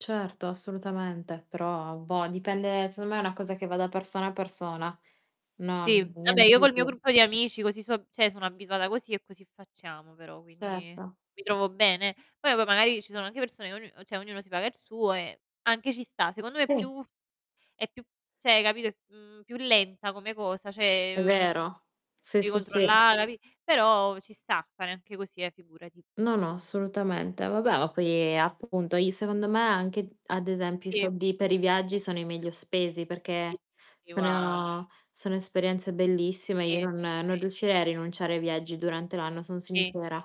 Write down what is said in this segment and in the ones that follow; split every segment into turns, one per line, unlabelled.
Certo, assolutamente. Però boh, dipende, secondo me è una cosa che va da persona a persona,
Sì,
non
vabbè,
niente
io
di
col mio
più.
gruppo di amici così su cioè sono abituata così e così facciamo, però, quindi
Certo.
mi trovo bene. Poi, boh, magari ci sono anche persone ognu cioè ognuno si paga il suo e anche ci sta. Secondo me è
Sì.
più è più cioè hai capito, mhmm, più lenta come cosa, cioè,
È
uhm,
vero, sì,
devi
sì, sì.
controllare, capi però ci sta fare anche così, eh, figurati.
No, no, assolutamente. Vabbè, ma poi, appunto, i secondo me, anche d ad esempio, i
Sì.
soldi per i viaggi sono i meglio spesi perché
Sì.
s
Io a
sono sono esperienze bellissime;
E
io non non
e
riuscirei a rinunciare ai viaggi durante l'anno, son
Sì.
sincera.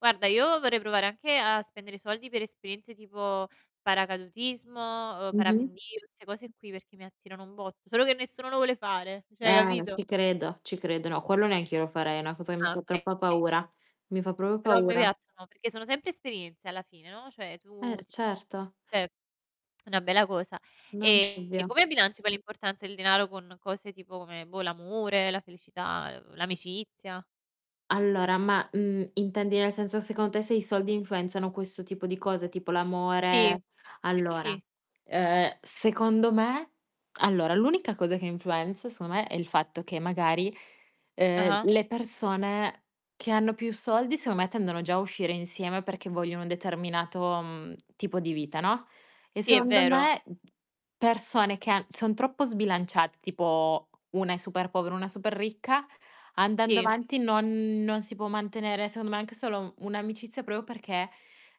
Guarda, io vorrei provare anche a spendere soldi per esperienze tipo paracadutismo, uhm,
Mh-mh.
parapendio, 'ste cose qui perché mi attirano un botto. Solo che nessuno lo vuole fare, cioè
Eh, s
capito?
ti credo, ci credo. No, quello neanche io lo farei, è una cosa che mi
Ah,
fa
okay,
troppa
okay.
paura, mi fa proprio
Però a me
paura.
piacciono perché sono sempre esperienze alla fine, no, cioè
Eh,
tu
r
ti
certo.
cioè è una bella cosa.
Non
E
ovvio.
come bilanci poi l'importanza del denaro con cose tipo come, boh, l'amore, la felicità, uhm, l'amicizia?
Allora, ma, mhmm, intendi nel senso, secondo te, se i soldi influenzano questo tipo di cose, tipo
Sì,
l'amore
ehm,
allora,
sì.
ehm, secondo me, allora, l'unica cosa che influenza, secondo me, è il fatto che magari, ehm,
Ah-ah.
le persone che hanno più soldi, secondo me, tendono già a uscire insieme perché vogliono un determinato, mhmm, tipo di vita, no, e
Sì, è
secondo
vero.
me, persone che han son troppo sbilanciate, tipo una è super povera, una super ricca, andando
Sì.
avanti non non si può mantenere, secondo me, anche solo un'amicizia proprio perché,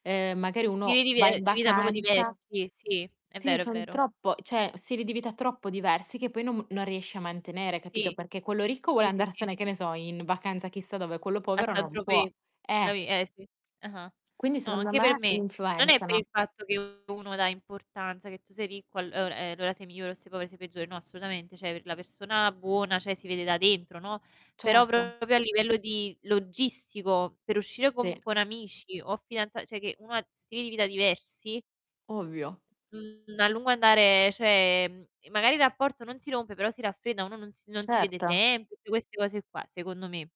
ehm, magari
Stili
uno
di vi
va
ehm,
in
di vita proprio
vacanza
diversi. Sì, è
sì,
vero, è
son
vero.
troppo cioè stili di vita troppo diversi che poi non m non riesci a mantenere, capito,
Sì,
perché quello ricco vuole
sì, sì, sì.
andarsene, che ne so, in vacanza chissà dove, quello
A
povero
Saint
non può.
Tropez,
Eh!
capi eh sì. Ah-ah.
Quindi,
No,
secondo
anche per
me,
me. Non è per
influenzano.
il fatto che uno dà importanza, che tu sei ricco, allo ehm, allora, sei migliore o sei povero, sei peggiore. No, assolutamente. Cioè la persona buona, cioè si vede da dentro, no. Però
Certo.
proprio a livello di logistico, per uscire con
Sì.
con amici o fidanza cioè che uno ha stili di vita diversi
Ovvio.
mhmm, a lungo andare, cioè, mhmm, magari il rapporto non si rompe, però si raffredda, uno non si non si vede
Certo.
sempre, tutte queste cose qua, secondo me